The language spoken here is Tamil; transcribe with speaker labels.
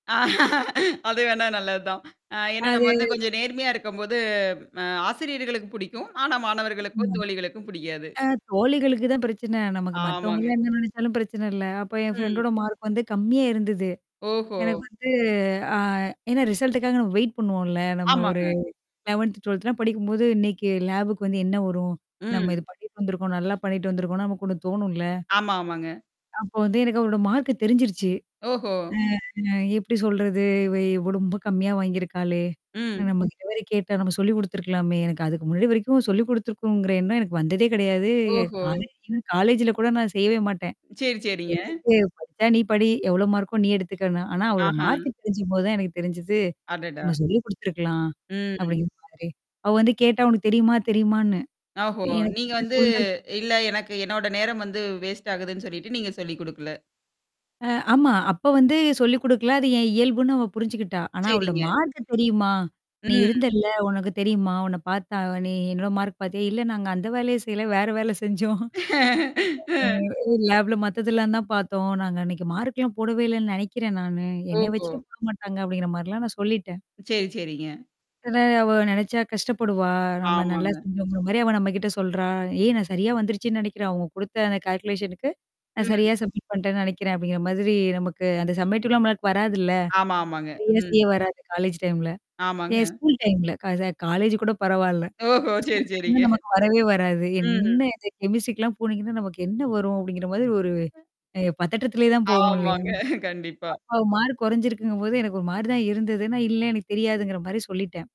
Speaker 1: அது வேணா நல்லது தான். அ ஏன்னா நம்ம வந்து
Speaker 2: அது.
Speaker 1: கொஞ்சம் நேர்மையா இருக்கும்போது, அ ஆசிரியர்களுக்கு பிடிக்கும். ஆனா மாணவர்களுக்கும்,
Speaker 2: ஆமா.
Speaker 1: தோழிகளுக்கும் பிடிக்காது.
Speaker 2: அ தோழிகளுக்கு தான் பிரச்சனை. நமக்கு
Speaker 1: ஆமாங்க.
Speaker 2: மத்தவங்கலாம் என்ன நெனைச்சாலும் பிரச்சனை இல்ல. அப்ப என்
Speaker 1: ம்.
Speaker 2: ஃப்ரெண்டோட மார்க் வந்து கம்மியா இருந்தது.
Speaker 1: ஓஹோ!
Speaker 2: எனக்கு வந்து ஆ ஏன்னா ரிசல்ட்டுக்காக நம்ம வெயிட் பண்ணுவோம்ல. நம்ம ஒரு
Speaker 1: ஆமாங்க.
Speaker 2: 11த்து, 12த்து எல்லாம் படிக்கும்போது, இன்னைக்கு லேபுக்கு வந்து என்ன வரும்? நம்ம
Speaker 1: ம்.
Speaker 2: இது பண்ணிட்டு வந்துருக்கோம். நல்லா பண்ணிட்டு வந்திருக்கோம், நமக்கு ஒண்ணு தோணும்ல.
Speaker 1: ஆமா, ஆமாங்க.
Speaker 2: அப்ப வந்து எனக்கு அவளோட மார்க்கு தெரிஞ்சிருச்சு.
Speaker 1: ஓஹோ!
Speaker 2: அ "எப்படி சொல்றது? இவ இவ ரொம்ப கம்மியா வாங்கியிருக்காளே?
Speaker 1: ம்.
Speaker 2: நம்ம இவ வேற கேட்டா, நம்ம சொல்லிக் குடுத்துருக்கலாமே!" எனக்கு அதுக்கு முன்னாடி வரைக்கும் சொல்லிக் குடுத்துருக்குங்கிற எண்ணம் எனக்கு வந்ததே கிடையாது.
Speaker 1: ஓஹோ!
Speaker 2: காலே காலேஜ்ல கூட நான் செய்யவே மாட்டேன்.
Speaker 1: சரி, சரிங்க.
Speaker 2: எதுக்கு? படிச்சா, நீ படி. எவ்வளோ மார்க்கோ? நீ எடுத்துக்கன்னு. ஆனா, அவளோட மார்க்
Speaker 1: ஆஹ.
Speaker 2: தெரிஞ்சும்போது தான் எனக்கு தெரிஞ்சுது.
Speaker 1: அடடா.
Speaker 2: "நம்ம சொல்லிக் குடுத்துருக்கலாம்."
Speaker 1: ம்.
Speaker 2: அப்படிங்கற மாரி. அவ வந்து கேட்டா. "உனக்கு தெரியுமா?" தெரியுமான்னு.
Speaker 1: ஓஹோ!
Speaker 2: எனக்கு
Speaker 1: நீங்க
Speaker 2: வந்து
Speaker 1: வந்து
Speaker 2: சொல்றது
Speaker 1: இல்ல, எனக்கு என்னோட நேரம் வந்து வேஸ்ட் ஆகுதுன்னு சொல்லிட்டு, நீங்க சொல்லிக் குடுக்கல.
Speaker 2: அ ஆமா. அப்ப வந்து சொல்லிக் குடுக்கல. அது என் இயல்புன்னு அவ புரிஞ்சுக்கிட்டா. ஆனா அவளோட
Speaker 1: சரிங்க.
Speaker 2: மார்க்கு தெரியுமா? "நீ
Speaker 1: ம்.
Speaker 2: இருந்தல்ல. உனக்கு தெரியுமா? உன்ன பார்த்தா நீ என்னோட மார்க் பார்த்தியா?" "இல்ல, நாங்க அந்த வேலையே செய்யல. வேற வேல செஞ்சோம். அ லேப்ல மத்ததெல்லாம் தான் பார்த்தோம். நாங்க அன்னைக்கு மார்க்லாம் போடவே இல்லன்னு நினைக்கிறேன் நானு. என்னைய
Speaker 1: ஓஹோ!
Speaker 2: வச்சுட்டு போட மாட்டாங்க." அப்டிங்கிற மாரிலாம் நான் சொல்லிட்டேன்.
Speaker 1: செரி, செரிங்க.
Speaker 2: இதுல அவ நெனைச்சா கஷ்டப்படுவா. நம்ம நல்லா
Speaker 1: ஆமாங்க.
Speaker 2: செஞ்சோங்கற மாரி அவ நம்ம கிட்ட சொல்றா. "ஏய் நான் சரியா வந்துருச்சுன்னு நினைக்கிறேன் அவங்க குடுத்த அந்த கால்குலேஷன்கக்கு நான்
Speaker 1: ம்.
Speaker 2: சரியா சப்மிட் பண்ணட்டேன்னு நினைக்கிறேன்." அப்டிங்கிற மாதிரி. நமக்கு அந்த சப்மிட்லாம் நம்மளுக்கு வராதுல்ல.
Speaker 1: ஆமா, ஆமாங்க. ம்.
Speaker 2: ரிவூஸ்லயும் வராது காலேஜ் டைம்ல.
Speaker 1: ஆமாங்க.
Speaker 2: என் ஸ்கூல் டைம்ல. கா இது காலேஜ் கூட பரவால்ல.
Speaker 1: ஓஹோ! சரி,
Speaker 2: ஸ்கூல் டைம்ல
Speaker 1: சரிங்க.
Speaker 2: நமக்கு வரவே வராது.
Speaker 1: ம்.
Speaker 2: என்ன இது? கெமிஸ்ட்ரிக்கெல்லாம் போனீங்கன்னா, நமக்கு என்ன வரும்? அப்டிங்கிற மாதிரி ஒரு அ பதட்டத்திலேயே தான் போவோம் இல்லையா?
Speaker 1: ஆமாங்க. கண்டிப்பா.
Speaker 2: அப்ப மார்க் குறைஞ்சிருக்குங்கும்போது எனக்கு ஒரு மாரி தான் இருந்தது. நான் இல்ல, எனக்கு தெரியாதுங்கிற மாரி சொல்லிட்டேன்.